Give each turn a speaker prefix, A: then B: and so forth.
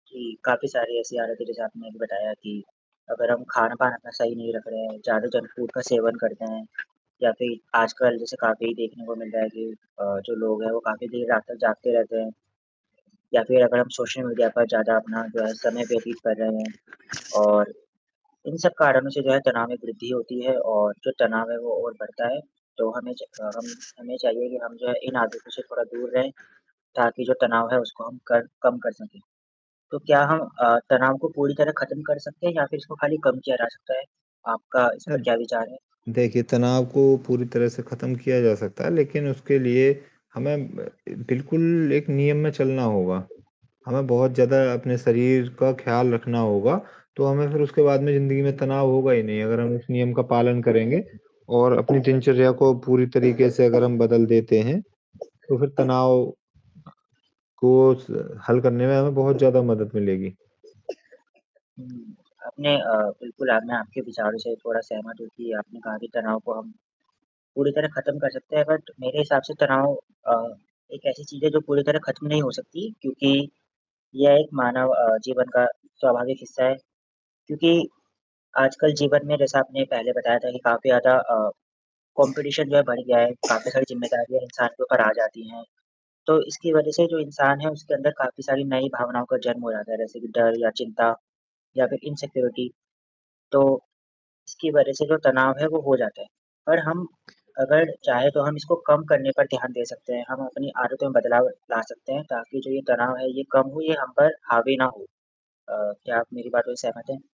A: जी, काफ़ी सारी ऐसी आदतें जैसे आपने अभी बताया कि अगर हम खान-पान अपना सही नहीं रख रहे हैं, ज़्यादा जंक फूड का सेवन करते हैं या फिर आजकल जैसे काफ़ी देखने को मिल रहा है कि अ, जो लोग हैं वो काफ़ी देर रात तक जागते रहते हैं या फिर अगर हम सोशल मीडिया पर ज़्यादा अपना जो है समय व्यतीत कर रहे हैं और इन सब कारणों से जो है तनाव में वृद्धि होती है और जो तनाव है वो और बढ़ता है, तो हमें च क हम हमें चाहिए कि हम जो है इन आदतों से थोड़ा दूर रहें ताकि जो तनाव है उसको हम कर कम कर सकें तो क्या हम अ, तनाव को पूरी तरह ख़त्म कर सकते हैं या फिर इसको खाली कम किया जा सकता है, आपका इस पर
B: अद
A: क्या विचार है?
B: देखिए, तनाव को पूरी तरह से ख़त्म किया जा सकता है, लेकिन उसके लिए हमें ब ए बिल्कुल एक नियम में चलना होगा, हमें बहुत ज़्यादा अपने शरीर का ख़्याल रखना होगा तो हमें फिर उसके बाद में ज़िंदगी में तनाव होगा ही नहीं अगर हम उस नियम का पालन करेंगे और अपनी दिनचर्या को पूरी तरीक़े से अगर हम बदल देते हैं तो फिर तनाव ब को स हल करने में हमें बहुत ज़्यादा मदद मिलेगी।
A: हुँ, आपने अ, बिल्कुल अब मैं आपके विचारों से थोड़ा सहमत हूँ कि आपने कहा कि तनाव को हम पूरी तरह ख़त्म कर सकते हैं बट मेरे हिसाब से तनाव अ, एक ऐसी चीज़ है जो पूरी तरह ख़त्म नहीं हो सकती क्योंकि ये एक मानव अ, जीवन का स्वाभाविक हिस्सा है क्योंकि आजकल जीवन में जैसा आपने पहले बताया था कि काफ़ी ज़्यादा अ, कॉम्पिटिशन जो है बड़ गया है, काफ़ी सारी ज़िम्मेदारियाँ इंसान के ऊपर जाती हैं, तो इसकी वजह से जो इंसान है उसके अंदर काफ़ी सारी नई भावनाओं का जन्म हो जाता है जैसे कि डर या चिंता या फिर इनसेक्यूरिटी तो इसकी वजह से जो तनाव है वो हो जाता है, पर हम अगर चाहे तो हम इसको कम करने पर ध्यान दे सकते हैं, हम अपनी आदतों में बदलाव ला सकते हैं ताकि जो ये तनाव है ये कम हो ये हम पर हावी ना हो। अ, क्या आप मेरी बातों से सहमत हैं?